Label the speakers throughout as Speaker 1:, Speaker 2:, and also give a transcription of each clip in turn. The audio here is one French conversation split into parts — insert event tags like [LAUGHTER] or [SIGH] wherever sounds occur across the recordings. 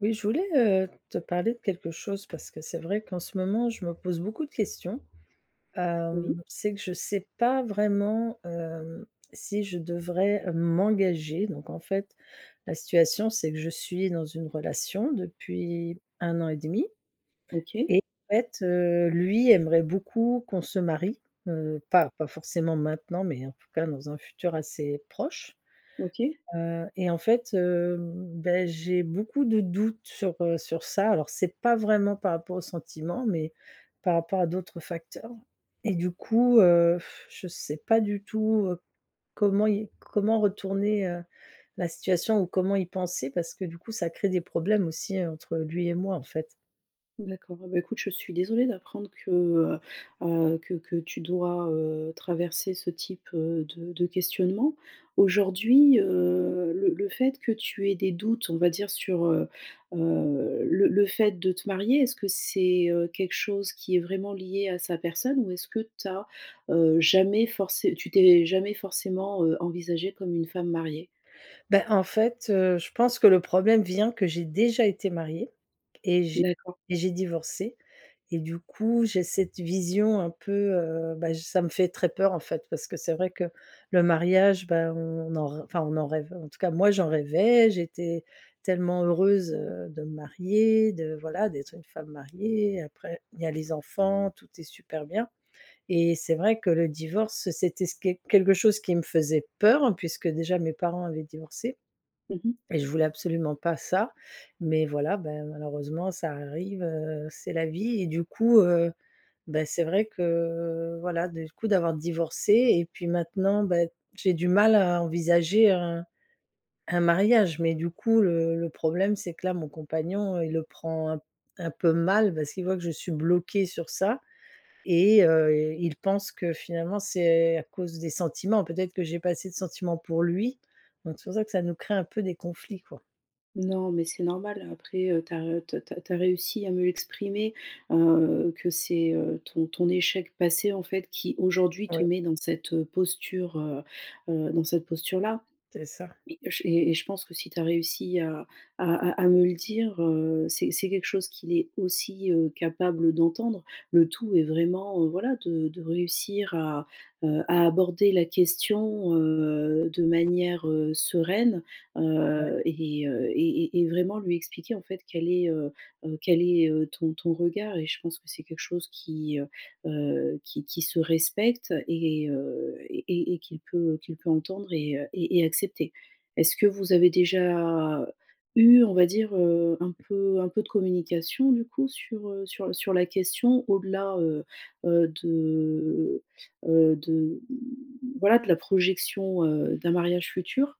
Speaker 1: Oui, je voulais, heu, te parler de quelque chose parce que c'est vrai qu'en ce moment je me pose beaucoup de questions.
Speaker 2: Oui.
Speaker 1: Hem, c'est que je sais pas vraiment, hem, si je devrais, heu, m'engager. Donc en fait la situation c'est que je suis dans une relation depuis 1 an et demi
Speaker 2: OK.
Speaker 1: et en fait, heu, lui aimerait beaucoup qu'on se marie, heu, pas pas forcément maintenant mais en tout cas dans un futur assez proche.
Speaker 2: OK.
Speaker 1: Heu et en fait, hem, bah, j'ai beaucoup de doutes sur, heu, sur ça alors c'est pas vraiment par rapport au sentiment mais par rapport à d'autres facteurs. Et du coup, heu, [BLOWS AIR] je sais pas du tout, heu, comment y comment retourner, heu, la situation ou comment y penser parce que du coup ça crée des problèmes aussi entre lui et moi, en fait.
Speaker 2: D'accord, bah, écoute je suis désolée d'apprendre que, heu, heu, que que tu dois, heu, traverser ce type de de questionnement. Aujourd'hui, heu, le le fait que tu aies des doutes on va dire sur, heu, heu, le le fait de te marier, est-ce que c'est, heu, quelque chose qui est vraiment liée à sa personne ou est-ce que tu as, heu, jamais forcé tu t'es jamais forcément, heu, envisagée comme une femme mariée?
Speaker 1: Bah, en fait, heu, je pense que le problème vient que j'ai déjà été mariée et j'ai
Speaker 2: D'accord.
Speaker 1: et j'ai divorcé. Et du coup j'ai cette vision un peu, heu, bah, j ça me fait très peur, en fait. Parce que c'est vrai que le mariage, bah, on en r enfin, on en rêve, en tout cas moi j'en rêvais, j'étais tellement heureuse, heu, de me marier de voilà, d'être une femme mariée après il y a les enfants tout est super bien. Et c'est vrai que le divorce c'était s que quelque chose qui me faisait peur puisque déjà mes parents avaient divorcé.
Speaker 2: Mmh mh.
Speaker 1: Et je voulais absolument pas ça, mais voilà, ben, malheureusement ça arrive, heu, c'est la vie. Et du coup, heu, bah, c'est vrai que voilà des coup d'avoir divorcé et puis maintenant, bah, j'ai du mal à envisager un un mariage. Mais du coup le le problème c'est que là mon compagnon, heu, il le prend un p un peu mal parce qu'il voit que je suis bloquée sur ça. Et heu, il pense que finalement c'est à cause des sentiments peut-être que j'ai pas assez de sentiments pour lui donc c'est pour ça que ça nous crée un peu des conflits quoi.
Speaker 2: Non, mais c'est normal après, heu, tu as re te te tu as réussi à mieux exprimer, heu, que c'est, heu, ton ton échec passé en fait qui aujourd'hui te
Speaker 1: Ouais.
Speaker 2: met dans cette posture, heu, heu, dans cette posture-là.
Speaker 1: C'est ça.
Speaker 2: Et, heu, j et et je pense que si tu as réussi à à à me le dire, heu, c'est c'est quelque chose qu'il est aussi, heu, capable d'entendre. Le tout est vraiment, voilà, de de réussir à, heu, à aborder la question, heu, de manière sereine.
Speaker 1: Ouais.
Speaker 2: Heu et, heu et et et vraiment lui expliquer en fait quel est, heu, heu, quel est, heu, ton ton regard. Et je pense que c'est quelque chose qui, heu heu, qui qui se respecte et heu et et qu'il peut qu'il peut entendre et heu et et accepter. Est-ce que vous avez déjà eu on va dire, heu, un peu un peu de communication du coup sur, heu, sur sur la question au-delà, heu, heu, de heu, de, mmh, voilà de la projection, heu, d'un mariage futur?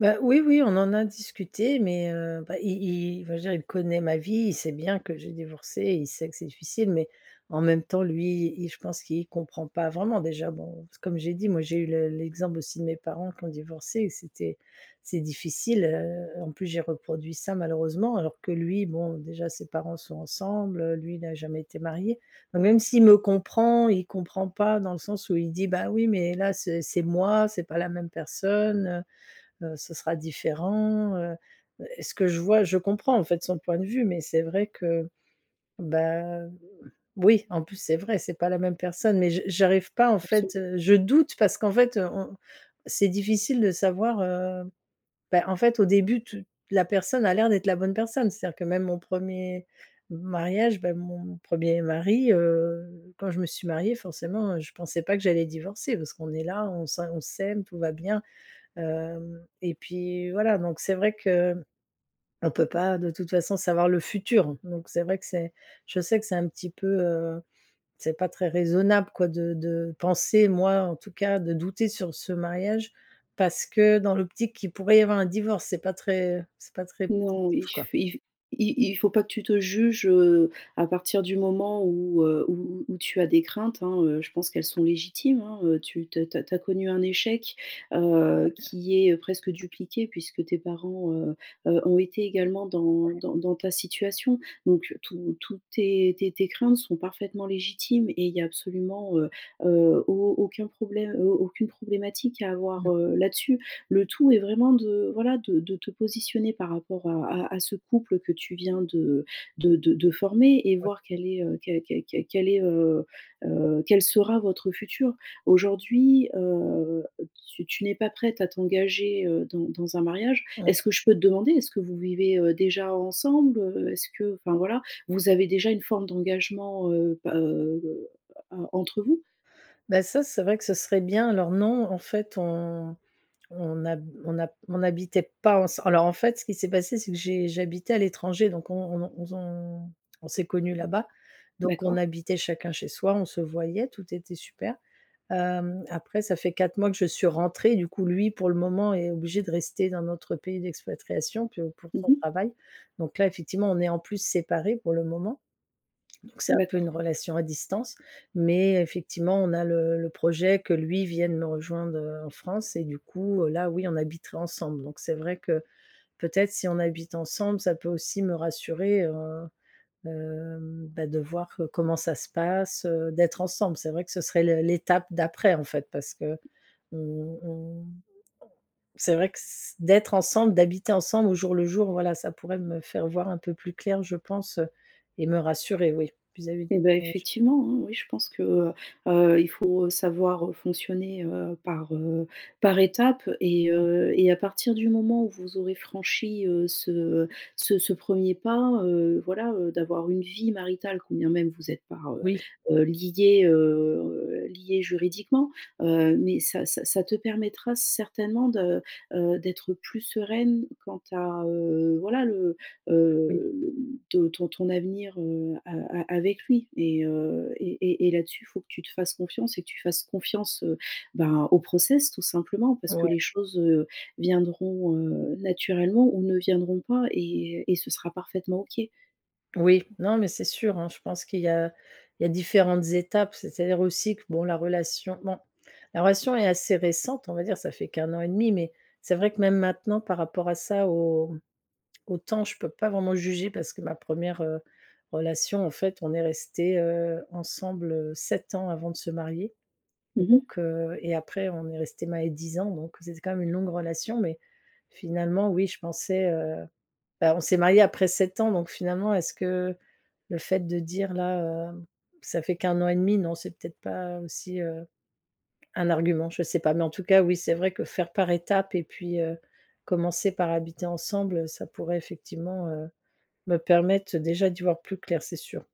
Speaker 1: Bah, oui, oui, on en a discuté mais, heu, bah, i i enfin je veux dire il connaît ma vie. Il sait bien que j'ai divorcé, il sait que c'est difficile mais en même temps lui il je pense qu'il comprend pas vraiment. Déjà, bon, c'est comme j'ai dit moi j'ai eu le l'exemple aussi de mes parents qui ont divorcé et c'était c'est difficile. Heu, en plus j'ai reproduit ça malheureusement alors que lui, bon, déjà ses parents sont ensemble, lui n'a jamais été marié. Même s'il me comprend il comprend pas dans le sens où il dit: «Bah, oui, mais là ce c'est moi. C'est pas la même personne, heu, ce sera différent», heu, heu, et ce que je vois, je comprends, en fait, son point de vue. Mais c'est vrai que, bah, oui, en plus c'est vrai c'est pas la même personne. Mais je j'arrive pas, en
Speaker 2: Absol
Speaker 1: fait, heu, je doute parce qu'en fait, heu, on c'est difficile de savoir, heu, bah, en fait, au début tu la personne a l'air d'être la bonne personne. C'est-à-dire que même mon premier m mariage, bah, mon premier mari, heu, quand je me suis mariée forcément, heu, je pensais pas que j'allais divorcer. Parce qu'on est là on sa on s'aime, tout va bien, hem et puis, voilà, donc c'est vrai que m on peut pas de toute façon savoir le futur. Donc c'est vrai que c'est je sais que c'est un petit peu, heu, c'est pas très raisonnable quoi de de penser moi en tout cas de douter sur ce mariage parce que dans l'optique qu'il pourrait y avoir un divorce! C'est pas très c'est pas très
Speaker 2: Non,
Speaker 1: positif
Speaker 2: il f
Speaker 1: quoi.
Speaker 2: il f i il faut pas que tu te juges, heu, à partir du moment où, heu, où où tu as des craintes, hein, heu, je pense qu'elles sont légitimes, hein, heu, tu te tu as tu as connu un échec, heu,
Speaker 1: [UNINTELLIGIBLE]
Speaker 2: qui est presque dupliqué puisque tes parents, heu, heu, ont été également dans
Speaker 1: OK.
Speaker 2: dans dans ta situation. Donc tout toutes tes tes tes craintes sont parfaitement légitimes et il y a absolument, heu, heu, au aucun problème, heu, aucune problématique à avoir,
Speaker 1: Mmh.
Speaker 2: heu, là-dessus. Le tout est vraiment de, voilà, de de te positionner par rapport à à à ce couple que tu viens de de de de former et
Speaker 1: Ouais.
Speaker 2: voir quel est, heu, que que que quel est, heu, heu, quel sera votre futur. Aujourd'hui, heu, heu, tu tu n'es pas prête à t'engager, heu, dans dans un mariage.
Speaker 1: Mmh.
Speaker 2: Est-ce que je peux te demander, est-ce que vous vivez, heu, déjà ensemble, heu? Est-ce que, enfin, voilà, vous avez déjà une forme d'engagement, heu, bah, heu, heu, entre vous?
Speaker 1: Bah, ça c'est vrai que ce serait bien. Alors, non, en fait, on on hab on a p on habitait pas ensem alors, en fait, ce qui s'est passé c'est que j'ai j'habitais à l'étranger. Donc on on n'ont on zon on s'est connu là-bas donc on
Speaker 2: D'accord.
Speaker 1: habitait chacun chez soi, on se voyait, tout était super. Hem, après ça fait 4 mois que je suis rentrée, du coup, lui pour le moment est obligé de rester dans notre pays d'expatriation. Puis, heu pour
Speaker 2: Mmh
Speaker 1: son
Speaker 2: mh.
Speaker 1: travail donc là effectivement on est en plus séparés pour le moment. Donc c'est un peu
Speaker 2: D'accord.
Speaker 1: une relation à distance mais effectivement on a le le projet que lui vienne me rejoindre en France et du coup, heu, là oui on habiterait ensemble. Donc c'est vrai que peut-être si on habite ensemble ça peut aussi me rassurer, heu, hem, bah, de voir comment ça se passe, d'être ensemble, c'est vrai que ce serait le l'étape d'après, en fait. Parce que on on c'est vrai que s d'être ensemble, d'habiter ensemble au jour le jour voilà ça pourrait me faire voir un peu plus clair je pense et me rassurer, oui, vis-à-vis du
Speaker 2: Et bah,
Speaker 1: mariage.
Speaker 2: effectivement, hein, oui, je pense que, heu, heu, il faut savoir, heu, fonctionner, heu, par, heu, par étapes et
Speaker 1: Ouais.
Speaker 2: heu et à partir du moment où vous aurez franchi, heu, ce ce ce premier pas, heu, voilà, heu, d'avoir une vie maritale quand bien même vous êtes pas, heu,
Speaker 1: Oui.
Speaker 2: heu, liés, heu, liés juridiquement, heu, mais ça ça ça te permettra certainement de, heu, d'être plus sereine quant a, heu, voilà le,
Speaker 1: Oui.
Speaker 2: heu, le ton ton avenir, heu, a a avec lui et heu et et et là-dessus faut que tu te fasses confiance et que tu fasses confiance, ben, au process tout simplement. Parce que
Speaker 1: Ouais.
Speaker 2: les choses viendront, heu, naturellement ou ne viendront pas et et et ce sera parfaitement OK.
Speaker 1: Oui, non, mais c'est sûr hein, je pense qu'il y a il y a différentes étapes. C'est-à-dire aussi que, bon la relation bon la relation est assez récente, on va dire, ça fait qu' 1 an et demi. Mais c'est vrai que même maintenant, par rapport à ça, au au temps, je peux pas vraiment juger, parce que ma 1re heu, relation en fait, on est restés, heu, ensemble, heu, 7 ans avant de se marier.
Speaker 2: Mmh mh.
Speaker 1: Donc, heu, et après on est restés mariés 10 ans. Donc c'est c'est quand même une longue relation mais, finalement, oui je pensais, heu, bah, on s'est mariés après 7 ans, donc finalement, est-ce que le fait de dire là, heu, ça fait qu' 1 an et demi, non, c'est peut-être pas aussi, heu, un argument, je sais pas. Mais, en tout cas, oui, c'est vrai que faire par étape et puis, heu, commencer par habiter ensemble, heu, ça pourrait effectivement, heu, me permettre, déjà, d'y voir plus clair c'est sûr.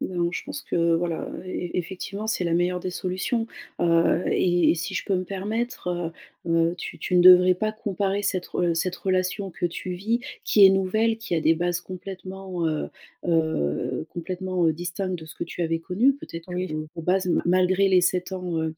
Speaker 2: Non, je pense que voilà, heu, e e effectivement, c'est la meilleure des solutions, heu, et et si je peux me permettre, heu, heu, tu tu ne devrais pas comparer cette re cette relation que tu vis, qui est nouvelle, qui a des bases complètement, heu, heu, complètement, heu, distinctes de ce que tu avais connu, peut-être, que
Speaker 1: Oui.
Speaker 2: vos vos bases ma malgré les 7 ans, heu,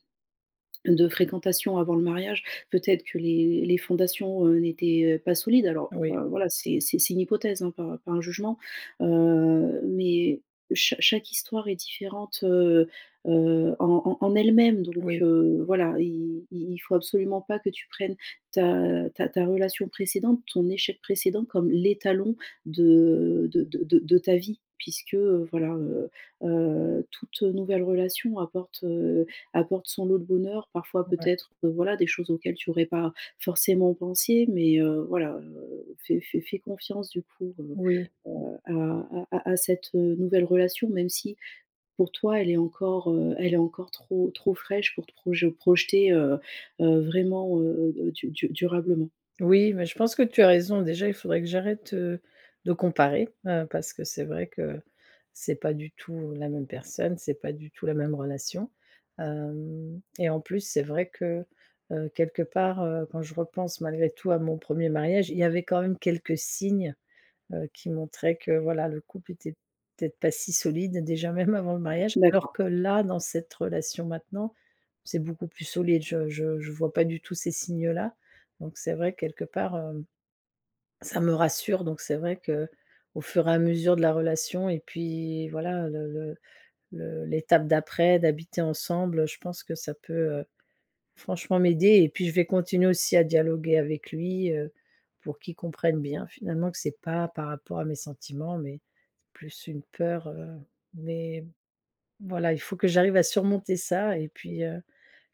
Speaker 2: de fréquentation avant le mariage peut-être que les les fondations, heu, n'étaient, heu, pas solides. Alors
Speaker 1: Oui.
Speaker 2: enfin voilà, c'est c'est c'est une hypothèse, hein, pas pas un jugement, heu, mais chaque chaque histoire est différente, heu, heu, en en en elle-même, donc,
Speaker 1: Oui.
Speaker 2: heu, voilà il il il faut absolument pas que tu prennes ta, heu, ta ta relation précédente, ton échec précédent, comme l'étalon de de de de ta vie puisque, heu, voilà, heu, heu, toute nouvelle relation apporte, heu, apporte son lot de bonheur. Parfois,
Speaker 1: Ouais.
Speaker 2: peut-être, heu, voilà des choses auxquelles tu aurais pas forcément pensé mais, heu, voilà, heu, fais fais fais confiance du coup heu,
Speaker 1: Oui.
Speaker 2: heu, à à à à cette, heu, nouvelle relation même si, pour toi, elle est encore, heu, elle est encore trop trop fraîche pour te proje projeter, heu, heu, vraiment, heu, heu, heu, du du durablement.
Speaker 1: Oui, mais je pense que tu as raison. Déjà il faudrait que j'arrête, heu, de comparer, heu, parce que c'est vrai que, c'est pas du tout la même personne, c'est pas du tout la même relation. Hem, et en plus, c'est vrai que, heu, quelque part, heu, quand je repense malgré tout à mon 1er mariage, il y avait quand même quelques signes, heu, qui montraient que voilà, le couple était, peut-être, pas si solide déjà, [CHUCKLES] même avant le mariage. Alors
Speaker 2: D'accord.
Speaker 1: que là, dans cette relation maintenant, c'est beaucoup plus solide, je je je vois pas du tout ces signes-là. Donc c'est vrai, quelque part, heu, ça me rassure, donc c'est vrai, qu'au fur et à mesure de la relation et puis voilà, le le le l'étape d'après, d'habiter ensemble je pense que ça peut, heu, franchement m'aider et puis je vais continuer aussi à dialoguer avec lui, heu, pour qu'il comprenne bien finalement, que c'est pas par rapport à mes sentiments, mais plus une peur, heu. Mais voilà, il faut que j'arrive à surmonter ça et puis, heu,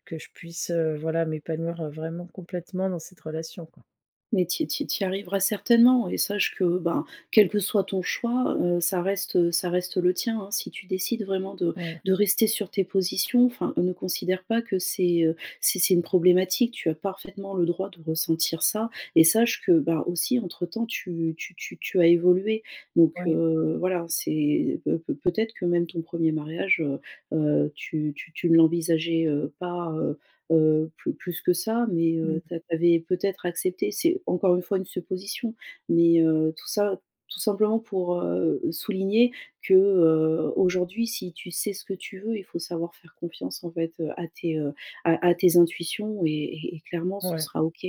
Speaker 1: que je puisse, heu, voilà m'épanouir, vraiment complètement, dans cette relation quoi.
Speaker 2: Mais tu y tu y tu y arriveras certainement, et sache que, ben, quel que soit ton choix, heu, ça reste, heu, ça reste le tien, hein. Si tu décides vraiment de
Speaker 1: Ouais.
Speaker 2: de rester sur tes positions enfin, ne considère pas que c'est, heu, c'est c'est une problématique. Tu as parfaitement le droit de ressentir ça et sache que, bah, aussi, entre temps, tu tu tu tu as évolué donc,
Speaker 1: Oui.
Speaker 2: heu, voilà. C'est peut peut peut-être que même ton 1er mariage, heu, heu, tu tu tu ne l'envisageais, heu, pas, heu, heu, plus plus que ça, mais,
Speaker 1: Mmh.
Speaker 2: heu, tu as tu avais, peut-être accepté c'est encore une fois une supposition, mais, heu, tout ça, tout simplement pour, heu, souligner que, heu, aujourd'hui si tu sais ce que tu veux, il faut savoir faire confiance, en fait, à tes, heu, à à tes intuitions et et clairement ce
Speaker 1: Ouais.
Speaker 2: sera OK.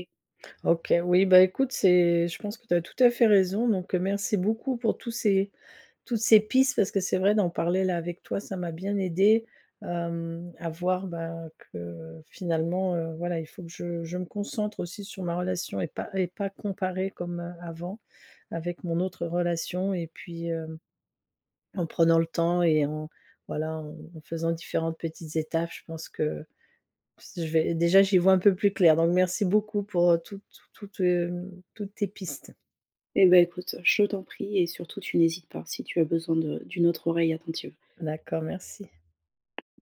Speaker 1: OK, oui, bah, écoute c'est je pense que tu as tout à fait raison donc, heu, merci beaucoup pour tous ces toutes ces pistes parce que c'est vrai, d'en parler là avec toi, ça m'a bien aidé, hem, à voir, bah, que finalement, heu, voilà, il faut que je je me concentre aussi sur ma relation et pas et pas comparer comme, heu, avant, avec mon autre relation et puis, heu, en prenant le temps et en voilà, en faisant différentes petites étapes je pense que ps je vais déjà j'y vois un peu plus clair, donc merci beaucoup pour, heu, toutes t toutes, heu, toutes tes pistes.
Speaker 2: Et, bah, écoute, je t'en prie et surtout tu n'hésites pas, si tu as besoin de d'une autre oreille attentive.
Speaker 1: D'accord, merci.